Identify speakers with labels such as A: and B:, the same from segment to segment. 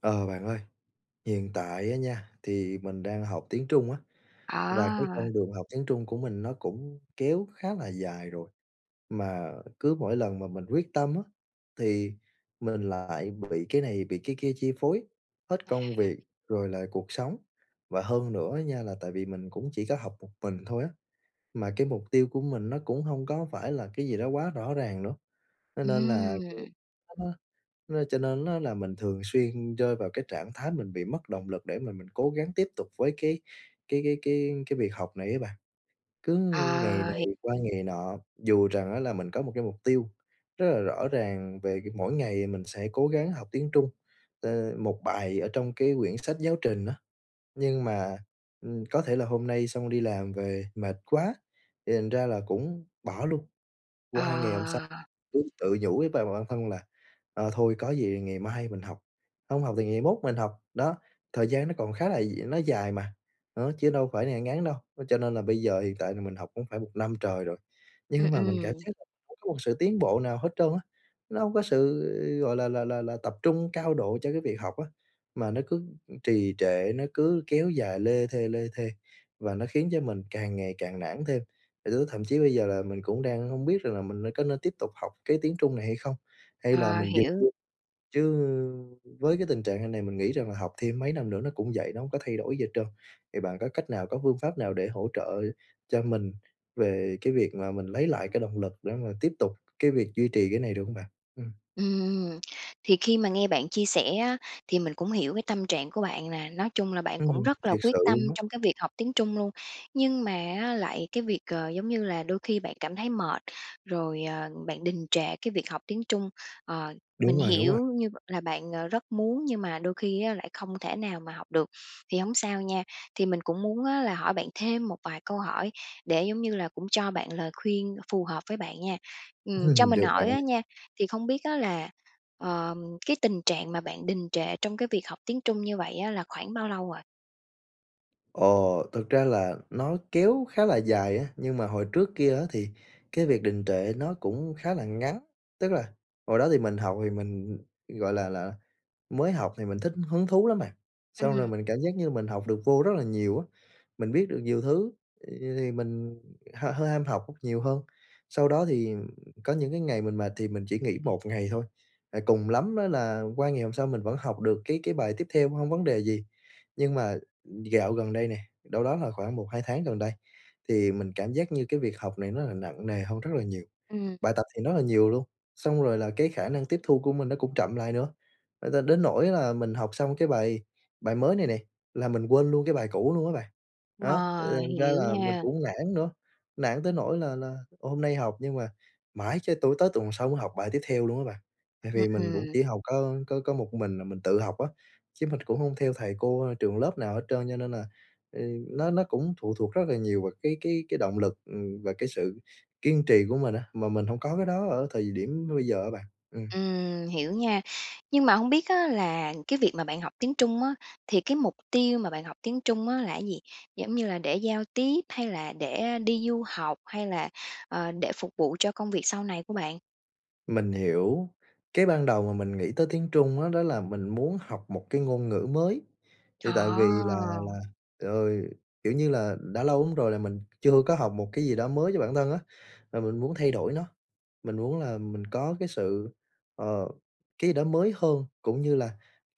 A: Ờ, bạn ơi. Hiện tại á nha thì mình đang học tiếng Trung á, và cái
B: À.
A: con đường học tiếng Trung của mình nó cũng kéo khá là dài rồi. Mà cứ mỗi lần mà mình quyết tâm á thì mình lại bị cái này, bị cái kia chi phối, hết công
B: À.
A: việc rồi lại cuộc sống. Và hơn nữa á nha là tại vì mình cũng chỉ có học một mình thôi á, mà cái mục tiêu của mình nó cũng hông có phải là cái gì đó quá rõ ràng nữa, cho nên là
B: Ừm.
A: [unintelligible] cho nên á là mình thường xuyên rơi vào cái trạng thái mình bị mất động lực để mà mình cố gắng tiếp tục với cái cái cái cái cái việc học này á bạn. Cứ ngày
B: À,
A: này
B: hiệp.
A: qua ngày nọ, dù rằng á là mình có một cái mục tiêu rất là rõ ràng về g mỗi ngày mình sẽ cố gắng học tiếng Trung, ơ, một bài ở trong cái quyển sách giáo trình á, nhưng mà, ừm, có thể là hôm nay xong đi làm về mệt quá, thì thành ra là cũng bỏ luôn. Qua ngày hôm sau
B: Ờ.
A: cứ tự nhủ với b-bản thân là "Ờ, thôi có gì thì ngày mai mình học, không học thì ngày mốt mình học. Đó, thời gian nó còn khá là d nó dài mà, đó, chứ đâu phải ngắn đâu." Cho nên là bây giờ hiện tại là mình học cũng phải 1 năm trời rồi,
B: Ừm,
A: nhưng mà mình cảm
B: ừm.
A: giác là mình không có một sự tiến bộ nào hết trơn á, nó hông có sự, gọi là, là là là tập trung cao độ cho cái việc học á, mà nó cứ trì trệ, nó cứ kéo dài lê thê, lê thê, và nó khiến cho mình càng ngày càng nản thêm. Lứa thậm chí bây giờ là mình cũng đang hông biết rằng là mình nên có nên tiếp tục học cái tiếng Trung này hay không? Hay là
B: Ờ,
A: mình dừng
B: hiểu.
A: luôn? Chứ với cái tình trạng hàng này mình nghĩ rằng là học thêm mấy năm nữa nó cũng vậy, nó hông có thay đổi gì hết trơn. Thì bạn có cách nào, có phương pháp nào để hỗ trợ cho mình về cái việc mà mình lấy lại cái động lực, để mà tiếp tục cái việc duy trì cái này được hông bạn? Ừm.
B: Ừm, thì khi mà nghe bạn chia sẻ á thì mình cũng hiểu cái tâm trạng của bạn nè, nói chung là bạn cũng
A: Ừm,
B: rất là
A: thiệt
B: quyết
A: sự
B: tâm
A: luôn á.
B: trong cái việc học tiếng Trung luôn, nhưng mà á lại cái việc, ờ giống như là đôi khi bạn cảm thấy mệt, rồi, ờ, bạn đình trệ cái việc học tiếng Trung. Ờ, mình
A: Đúng rồi, đúng rồi.
B: hiểu như là bạn, ờ, rất muốn nhưng mà đôi khi á lại không thể nào mà học được. Thì hổng sao nha, thì mình cũng muốn á là hỏi bạn thêm một vài câu hỏi, để, giống như là, cũng cho bạn lời khuyên phù hợp với bạn nha! Ừm, cho mình
A: Được bạn
B: hỏi á
A: ơi.
B: nha, thì không biết á là, ờ, cái tình trạng mà bạn đình trệ trong cái việc học tiếng Trung như vậy á là khoảng bao lâu rồi?
A: Ồ, thực ra là nó kéo khá là dài á, nhưng mà hồi trước kia á, thì cái việc đình trệ nó cũng khá là ngắn. Tức là hồi đó thì mình học thì mình gọi là là, mới học thì mình thích hứng thú lắm bạn. Xong rồi
B: Ừm.
A: mình cảm giác như là mình học được vô rất là nhiều á, mình biết được nhiều thứ, thì mình h hơi ham học nhiều hơn. Sau đó thì có những cái ngày mình mệt, thì mình chỉ nghỉ 1 ngày thôi, cùng lắm á, là qua ngày hôm sau mình vẫn học được cái cái bài tiếp theo, không có vấn đề gì. Nhưng mà dạo gần đây nè, đâu đó là khoảng một hai tháng gần đây, thì mình cảm giác như cái việc học này nó là nặng nề hơn rất là nhiều,
B: Ừm.
A: bài tập thì rất là nhiều luôn. Xong rồi là cái khả năng tiếp thu của mình nó cũng chậm lại nữa, ờ, đ đến nỗi là mình học xong cái bài bài mới này nè, là mình quên luôn cái bài cũ luôn á bạn. Đó,
B: Ờ,
A: thành ra
B: hiểu
A: là mình
B: nha.
A: cũng nản nữa, nản tới nỗi là là hôm nay học nhưng mà mãi cho tụ tới tuần sau mới học bài tiếp theo luôn á bạn. Tại
B: Ừm,
A: vì mình cũng
B: ừm.
A: chỉ học có có một mình à, là mình tự học á, chứ mình cũng không theo thầy cô, trường lớp nào hết trơn, cho nên là nó nó cũng phụ thuộc rất nhiều vào cái cái cái động lực và cái sự kiên trì của mình, mà mình không có cái đó ở thời điểm bây giờ á bạn. Ừm.
B: Ừm, hiểu nha. Nhưng mà hông biết á, là cái việc mà bạn học tiếng Trung á, thì cái mục tiêu mà bạn học tiếng Trung á, là cái gì? Giống như là để giao tiếp hay là để đi du học, hay là, ờ, để phục vụ cho công việc sau này của bạn?
A: Mình hiểu. Cái ban đầu mà mình nghĩ tới tiếng Trung á, đó là mình muốn học một cái ngôn ngữ mới. Thì tại vì là là
B: Ờ.
A: ờ, kiểu như là đã lâu lắm rồi là mình chưa có học một cái gì đó mới cho bản thân á, là mình muốn thay đổi nó. Mình muốn là mình có cái sự, ờ, cái đó mới hơn, cũng như là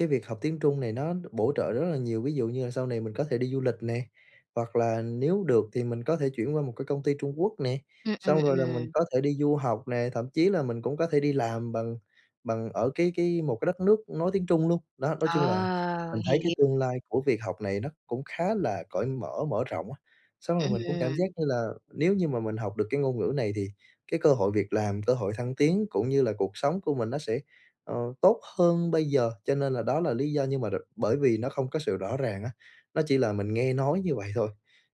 A: cái việc học tiếng Trung này nó bổ trợ rất là nhiều, ví dụ như là sau này mình có thể đi du lịch nè, hoặc là nếu được thì mình có thể chuyển qua một cái công ty Trung Quốc nè.
B: Ừm, ừm,
A: Xong rồi là mình
B: ừm.
A: có thể đi du học nè, thậm chí là mình cũng có thể đi làm bằng bằng ở cái cái một cái đất nước nói tiếng Trung luôn. Đó, nói chung là
B: Ờ,
A: mình thấy cái
B: hiểu.
A: tương lai của việc học này nó cũng khá là cởi mở, mở rộng á. Xong rồi mình cũng cảm giác
B: Ừm.
A: như là nếu như mà mình học được cái ngôn ngữ này thì cái cơ hội việc làm, cơ hội thăng tiến cũng như là cuộc sống của mình nó sẽ, ờ, tốt hơn bây giờ. Cho nên là đó là lý do nhưng mà rồi bởi vì nó không có sự rõ ràng á, nó chỉ là mình nghe nói như vậy thôi.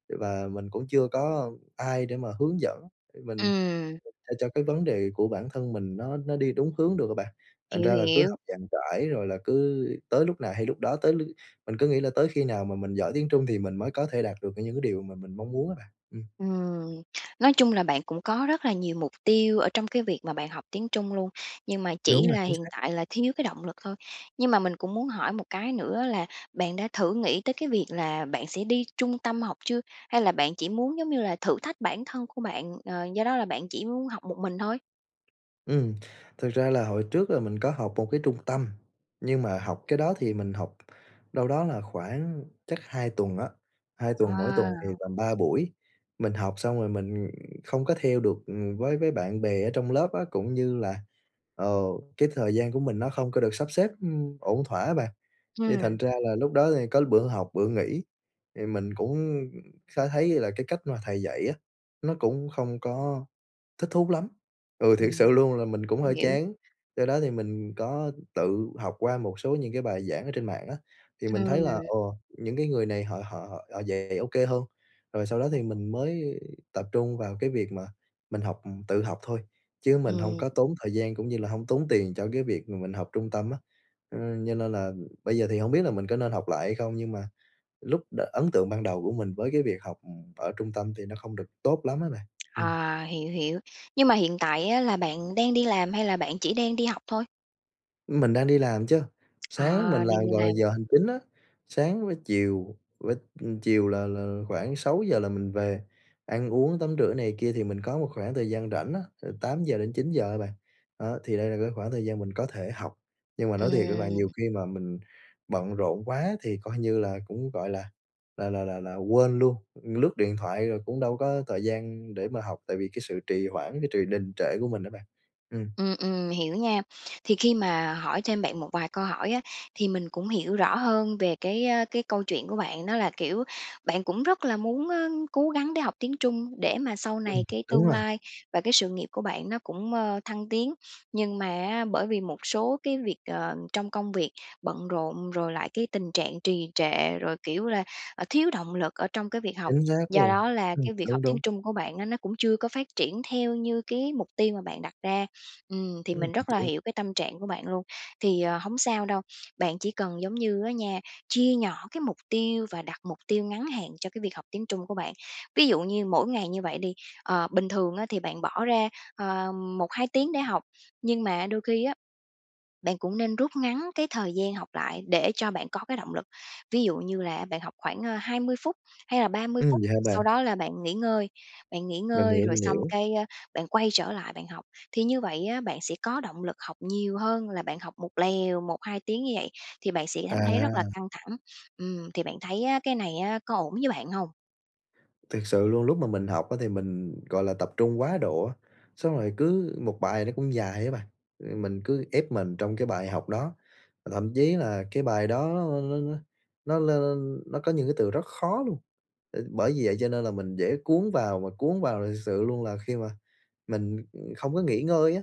A: Và mình cũng chưa có ai để mà hướng dẫn, để mình
B: Ừm.
A: cho cho cái vấn đề của bản thân mình nó nó đi đúng hướng được á bạn. Thành
B: Hiểu,
A: ra là cứ
B: hiểu.
A: học dàn trải rồi là cứ tới lúc nào hay lúc đó, tới lướt mình cứ nghĩ là tới khi nào mà mình giỏi tiếng Trung thì mình mới có thể đạt được, kiểu, những cái điều mà mình mong muốn á bạn, ừm.
B: Ừm, nói chung là bạn cũng có rất là nhiều mục tiêu ở trong cái việc mà bạn học tiếng Trung luôn, nhưng mà
A: Đúng
B: chỉ
A: rồi,
B: là
A: chính
B: hiện
A: xác.
B: tại là thiếu cái động lực thôi. Nhưng mà mình cũng muốn hỏi một cái nữa là bạn đã thử nghĩ tới cái việc là bạn sẽ đi trung tâm học chưa? Hay là bạn chỉ muốn giống như là thử thách bản thân của bạn, ờ, do đó là bạn chỉ muốn học một mình thôi?
A: Ừm. Thực ra là hồi trước là mình có học một cái trung tâm, nhưng mà học cái đó thì mình học đâu đó là khoảng chắc 2 tuần á, 2 tuần, mỗi tuần thì
B: À.
A: tầm 3 buổi. Mình học xong rồi mình không có theo được, ừm, với với bạn bè ở trong lớp á, cũng như là, ờ, cái thời gian của mình nó không có được sắp xếp, ưm, ổn thỏa á bạn, thì
B: Ừm.
A: thành ra là lúc đó thì có bữa học bữa nghỉ. Thì mình cũng khá thấy là cái cách mà thầy dạy á, nó cũng không có thích thú lắm. Ừ, thiệt
B: Ừm
A: sự luôn là mình cũng hơi
B: hiểu.
A: chán, do đó thì mình có tự học qua một số những cái bài giảng ở trên mạng á thì mình thấy là,
B: Ừm.
A: ồ, những cái người này họ họ họ họ dạy ô kê hơn. Rồi sau đó thì mình mới tập trung vào cái việc mà mình học tự học thôi, chứ mình hông
B: Ừm.
A: có tốn thời gian cũng như là hông tốn tiền cho cái việc mà mình học trung tâm á. Ừm, cho nên là bây giờ thì hông biết là mình có nên học lại hay không, nhưng mà lúc đ ấn tượng ban đầu của mình với cái việc học ở trung tâm thì nó không được tốt lắm á bạn. Ừm.
B: À, hiểu, hiểu. Nhưng mà hiện tại á là bạn đang đi làm hay là bạn chỉ đang đi học thôi?
A: Mình đang đi làm chứ.
B: À,
A: Sáng mình
B: đang
A: làm,
B: đi
A: gọi là,
B: làm.
A: giờ hành chính á. Sáng với chiều, vớ chiều là là khoảng 6 giờ là mình về, ăn uống tắm rửa này kia thì mình có một khoảng thời gian rảnh á, từ 8:00-9:00 á bạn. Đó, thì đây là cái khoảng thời gian mình có thể học. Nhưng mà nói thiệt á bạn, nhiều
B: Ừm.
A: khi mà mình bận rộn quá thì coi như là, cũng gọi là là là là là quên luôn, lướt điện thoại rồi cũng đâu có thời gian để mà học tại vì cái sự trì hoãn, cái trì đình trệ của mình á bạn. Ừm.
B: Ừm, ừm. Hiểu nha. Thì khi mà hỏi thêm bạn một vài câu hỏi á, thì mình cũng hiểu rõ hơn về cái, ơ, cái câu chuyện của bạn. Đó là, kiểu, bạn cũng rất là muốn, ơ, cố gắng để học tiếng Trung để mà sau
A: Ừm.
B: này cái
A: Đúng
B: tương
A: rồi.
B: lai và cái sự nghiệp của bạn nó cũng, ơ, thăng tiến. Nhưng mà á bởi vì một số cái việc, ờ, trong công việc, bận rộn rồi lại cái tình trạng trì trệ, rồi, kiểu, là, à, thiếu động lực ở trong cái việc học,
A: Chính xác
B: do
A: luôn.
B: đó là
A: Ừm.
B: cái việc
A: Đúng,
B: học tiếng
A: đúng.
B: Trung của bạn á nó cũng chưa có phát triển theo như cái mục tiêu mà bạn đặt ra. Ừm, thì
A: Ừm.
B: mình rất là
A: Đúng.
B: hiểu cái tâm trạng của bạn luôn. Thì, ờ, hổng sao đâu, bạn chỉ cần giống như á nha, chia nhỏ cái mục tiêu và đặt mục tiêu ngắn hạn cho cái việc học tiếng Trung của bạn. Ví dụ như mỗi ngày như vậy đi, ờ, bình thường á thì bạn bỏ ra, ờ, 1, 2 tiếng để học, nhưng mà đôi khi á, bạn cũng nên rút ngắn cái thời gian học lại, để cho bạn có cái động lực. Ví dụ như là bạn học khoảng, a, 20 phút, hay là 30
A: Ừm.
B: phút,
A: Vậy hả bạn?
B: sau đó là bạn nghỉ ngơi, bạn nghỉ
A: Mình
B: ngơi
A: hiểu,
B: rồi
A: mình
B: xong
A: hiểu.
B: cái, a, bạn quay trở lại bạn học. Thì như vậy á, bạn sẽ có động lực học nhiều hơn là bạn học một lèo, 1, 2 tiếng như vậy thì bạn sẽ cảm thấy rất là
A: À.
B: căng thẳng. Ừm, thì bạn thấy á cái này á có ổn với bạn hông?
A: Thiệt sự luôn, lúc mà mình học á thì mình, gọi là, tập trung quá độ á. Xong rồi cứ một bài nó cũng dài á bạn, rồi mình cứ ép mình trong cái bài học đó, thậm chí là cái bài đó n n nó n nó có những cái từ rất khó luôn, ừm, bởi vì vậy cho nên là mình dễ cuốn vào và cuốn vào. Thì thực sự luôn là khi mà mình, ưm, không có nghỉ ngơi á,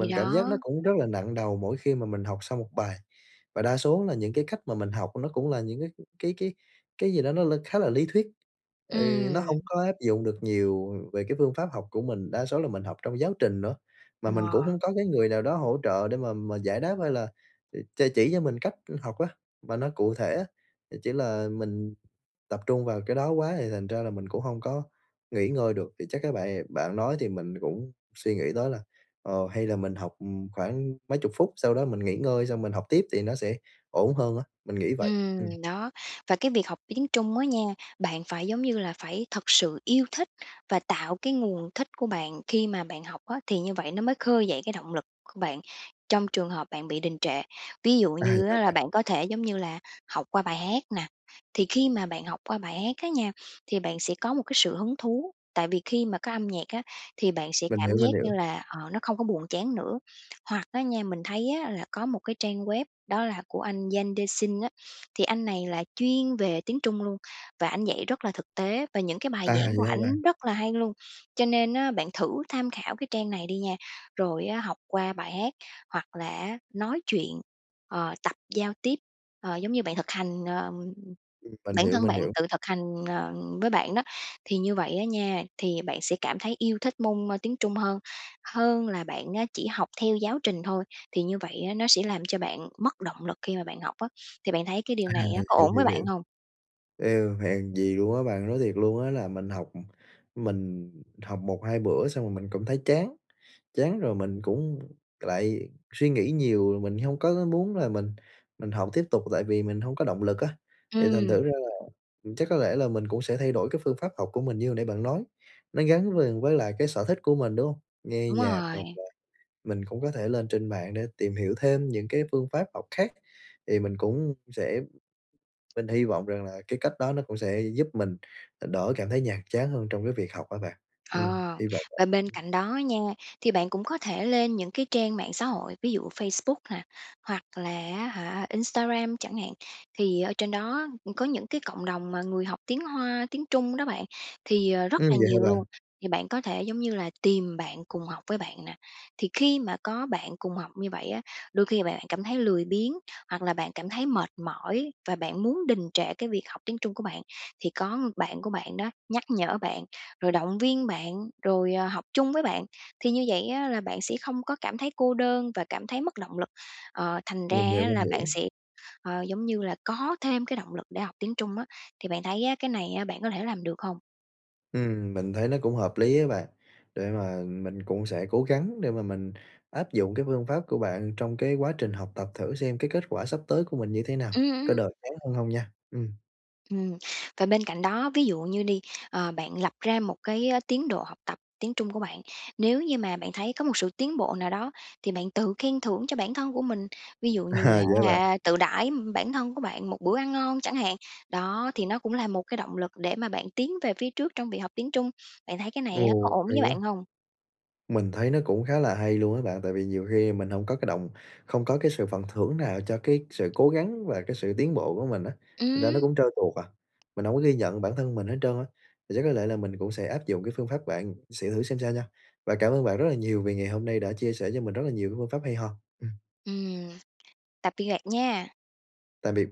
B: Thì
A: cảm giác nó
B: đó.
A: cũng rất là nặng đầu mỗi khi mà mình học xong một bài. Và đa số là những cái cách mà mình học nó cũng là những cái cái cái cái gì đó nó l khá là lý thuyết. Ừ, nó hông
B: Ừm.
A: có áp dụng được nhiều về cái phương pháp học của mình, đa số là mình học trong giáo trình nữa. Mà mình
B: Ờ.
A: cũng hông có cái người nào đó hỗ trợ để mà -mà giải đáp hay là ch chỉ cho mình cách học á, mà nó cụ thể á. Thì chỉ là mình tập trung vào cái đó quá thì thành ra là mình cũng hông có nghỉ ngơi được. Thì chắc á bà bạn nói thì mình cũng suy nghĩ tới là, ờ, hay là mình học, ừm, khoảng mấy chục phút, sau đó mình nghỉ ngơi xong mình học tiếp thì nó sẽ ổn hơn á, mình nghĩ vậy.
B: Ừm,
A: Ừm.
B: đó. Và cái việc học tiếng Trung á nha, bạn phải, giống như là, phải thật sự yêu thích và tạo cái nguồn thích của bạn khi mà bạn học á, thì như vậy nó mới khơi dậy cái động lực của bạn trong trường hợp bạn bị đình trệ. Ví dụ
A: À, vậy
B: như
A: hả
B: á là
A: bạn?
B: bạn có thể, giống như là, học qua bài hát nè, thì khi mà bạn học qua bài hát á nha, thì bạn sẽ có một cái sự hứng thú, tại vì khi mà có âm nhạc á thì bạn sẽ
A: Mình
B: cảm
A: hiểu,
B: giác
A: mình
B: như
A: hiểu.
B: là, ờ, nó không có buồn chán nữa. Hoặc á nha, mình thấy á là có một cái trang web đó là của anh Yangdexin á, thì anh này là chuyên về tiếng Trung luôn, và ảnh dạy rất là thực tế và những cái bài
A: À,
B: giảng của
A: vậy hả bạn?
B: ảnh rất là hay luôn. Cho nên á bạn thử tham khảo cái trang này đi nha, rồi á, học qua bài hát hoặc là á nói chuyện, ờ, tập giao tiếp, ờ, giống như bạn thực hành, ờ
A: Ừm, mình
B: bản
A: hiểu,
B: thân
A: mình
B: bạn
A: hiểu.
B: tự thực hành, ờ, với bạn đó, thì như vậy á nha, thì bạn sẽ cảm thấy yêu thích môn, ơ, tiếng Trung hơn, hơn là bạn á chỉ học theo giáo trình thôi, thì như vậy á nó sẽ làm cho bạn mất động lực khi mà bạn học á. Thì bạn thấy cái điều
A: À,
B: này
A: h
B: á có
A: hiểu,
B: ổn với
A: hiểu,
B: bạn
A: hiểu.
B: hông?
A: Ê, hèn gì luôn á bạn, nói thiệt luôn á là mình học mình học 1,2 bữa xong rồi mình cũng thấy chán, chán rồi mình cũng lại suy nghĩ nhiều. Mình hông có có muốn là mình mình học tiếp tục tại vì mình hông có động lực á, thì thành
B: Ừm.
A: thử ra là chắc có lẽ là mình cũng sẽ thay đổi cái phương pháp học của mình như hồi nãy bạn nói, nó gắn liền với lại cái sở thích của mình, đúng không? Nghe
B: Đúng
A: nhạc hoặc
B: rồi.
A: là mình cũng có thể lên trên mạng để tìm hiểu thêm những cái phương pháp học khác. Thì mình cũng sẽ mình hy vọng rằng là cái cách đó nó cũng sẽ giúp mình đỡ cảm thấy nhàm chán hơn trong cái việc học á bạn. Ừm,
B: Ờ.
A: hy vọng
B: Và
A: vậy.
B: bên cạnh đó nha, thì bạn cũng có thể lên những cái trang mạng xã hội, ví dụ Facebook nè, hoặc là á hả, Instagram chẳng hạn. Thì ở trên đó có những cái cộng đồng mà người học tiếng Hoa, tiếng Trung đó bạn thì, ờ, rất
A: Ừm,
B: là
A: vậy hả
B: nhiều luôn,
A: bạn?
B: thì bạn có thể giống như là tìm bạn cùng học với bạn nè. Thì khi mà có bạn cùng học như vậy á, đôi khi mà bạn cảm thấy lười biếng, hoặc là bạn cảm thấy mệt mỏi và bạn muốn đình trệ cái việc học tiếng Trung của bạn, thì có bạn của bạn đó, nhắc nhở bạn, rồi động viên bạn, rồi, ờ, học chung với bạn, thì như vậy á là bạn sẽ không có cảm thấy cô đơn và cảm thấy mất động lực, ờ, thành ra
A: Mình hiểu,
B: á
A: mình
B: là bạn
A: hiểu.
B: sẽ, ờ, giống như là có thêm cái động lực để học tiếng Trung á. Thì bạn thấy á cái này bạn có thể làm được hông?
A: Ừm, mình thấy nó cũng hợp lý á bạn. Để mà mình cũng sẽ cố gắng để mà mình áp dụng cái phương pháp của bạn trong cái quá trình học tập thử xem cái kết quả sắp tới của mình như thế nào,
B: Ừm,
A: có
B: ừm.
A: đỡ chán hơn hông nha! Ừm.
B: Ừm. Và bên cạnh đó, ví dụ như đi, ờ, bạn lập ra một cái tiến độ học tập tiếng Trung của bạn. Nếu như mà bạn thấy có một sự tiến bộ nào đó thì bạn tự khen thưởng cho bản thân của mình, ví dụ như là
A: À, vậy hả
B: á
A: bạn?
B: hả tự đãi bản thân của bạn một bữa ăn ngon chẳng hạn. Đó, thì nó cũng là một cái động lực để mà bạn tiến về phía trước trong việc học tiếng Trung. Bạn thấy cái này á có
A: Ồ,
B: ổn
A: hay
B: với bạn
A: quá!
B: hông?
A: Mình thấy nó cũng khá là hay luôn á bạn. Tại vì nhiều khi mình hông có cái động không có cái sự phần thưởng nào cho cái sự cố gắng và cái sự tiến bộ của mình á, thành ra nó
B: Ừm.
A: cũng trơn tuột à, mình hông có ghi nhận bản thân mình hết trơn á. Thì chắc có lẽ là mình cũng sẽ áp dụng cái phương pháp bạn sẽ thử xem sao nha. Và cảm ơn bạn rất là nhiều vì ngày hôm nay đã chia sẻ cho mình rất là nhiều những phương pháp hay ho, ừm.
B: Ừm. Tạm biệt bạn nha.
A: Tạm biệt.